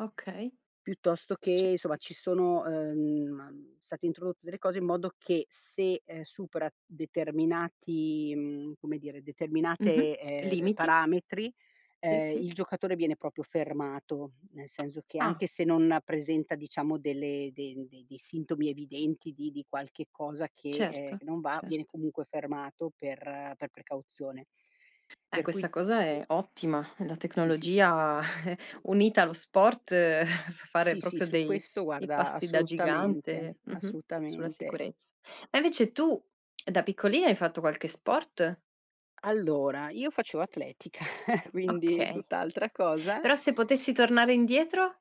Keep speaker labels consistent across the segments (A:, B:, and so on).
A: Okay.
B: Piuttosto che,
A: C
B: insomma, ci sono, ehm, state introdotte delle cose in modo che se, ehm, supera determinati, mhmm, come dire,
A: Mh-mh,
B: determinate, ehm, r
A: limiti.
B: parametri,
A: Sì,
B: ehm,
A: sì.
B: il giocatore viene proprio fermato, nel senso che,
A: Ah.
B: anche se non presenta, diciamo, delle de de dei sintomi evidenti di di qualche cosa che, ehm,
A: Certo,
B: che non va, viene
A: certo.
B: comunque fermato per per precauzione.
A: Eh,
B: Per cui
A: questa cosa è ottima. La
B: Sì sì.
A: tecnologia unita allo sport fa fare
B: Sì, sì
A: proprio
B: su
A: dei
B: questo
A: dei
B: guarda,
A: passi da
B: assolutamente,
A: gigante, mh-mh, sulla
B: assolutamente.
A: sicurezza. Ma invece tu, da piccolina, hai fatto qualche sport?
B: Allora, io facevo atletica, quindi
A: Okay.
B: tutt'altra cosa.
A: Però se potessi tornare indietro?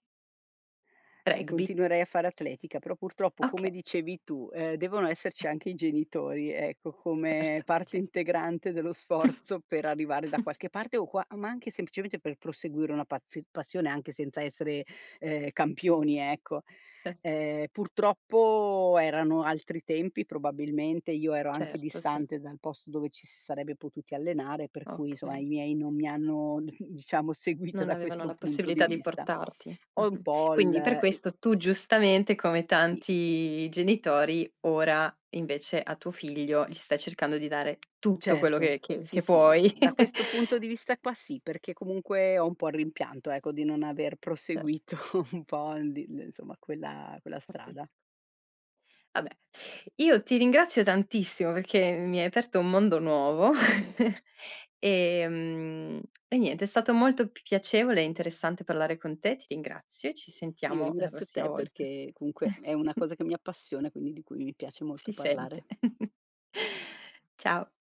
B: E
A: Rugby.
B: continuerei a fare atletica, però, purtroppo, come
A: Okay.
B: dicevi tu, ehm, devono esserci anche i genitori, ecco, come
A: Certo,
B: parte
A: certo.
B: integrante dello sforzo per arrivare da qualche parte o qua ma anche, semplicemente, per proseguire una pazio passione anche senza essere, ehm, campioni, ecco.
A: [unintelligible]
B: Ehm purtroppo erano altri tempi, probabilmente, io ero anche
A: Certo, sì.
B: distante dal posto dove ci si sarebbe potuti allenare, per cui, insomma,
A: Okay.
B: i miei non mi hanno, diciamo, seguito
A: Non
B: da
A: avevano
B: questo
A: la
B: punto di
A: possibilità di
B: vista.
A: portarti,
B: Ho un
A: mh-mh.
B: po' il
A: Quindi per
B: e
A: questo tu, giustamente, come
B: sì.
A: tanti genitori, ora, invece, a tuo figlio gli stai cercando di dare tutto quello
B: Certo,
A: che che
B: sì,
A: che
B: sì, no,
A: puoi.
B: da questo punto di vista qua sì, perché comunque ho un po' il rimpianto, ecco, di non aver
A: Cert
B: proseguito un po' di l insomma, quella quella
A: Capisco.
B: strada.
A: Vabbè, io ti ringrazio tantissimo perché mi hai aperto un mondo nuovo, ehm, e niente, è stato molto piacevole e interessante parlare con te. Ti ringrazio. Ci
B: Io
A: sentiamo la
B: ringrazio
A: prossima
B: te
A: volta.
B: perché, comunque, è una cosa che mi appassiona, quindi di cui mi piace molto
A: Si sente.
B: parlare.
A: Ciao.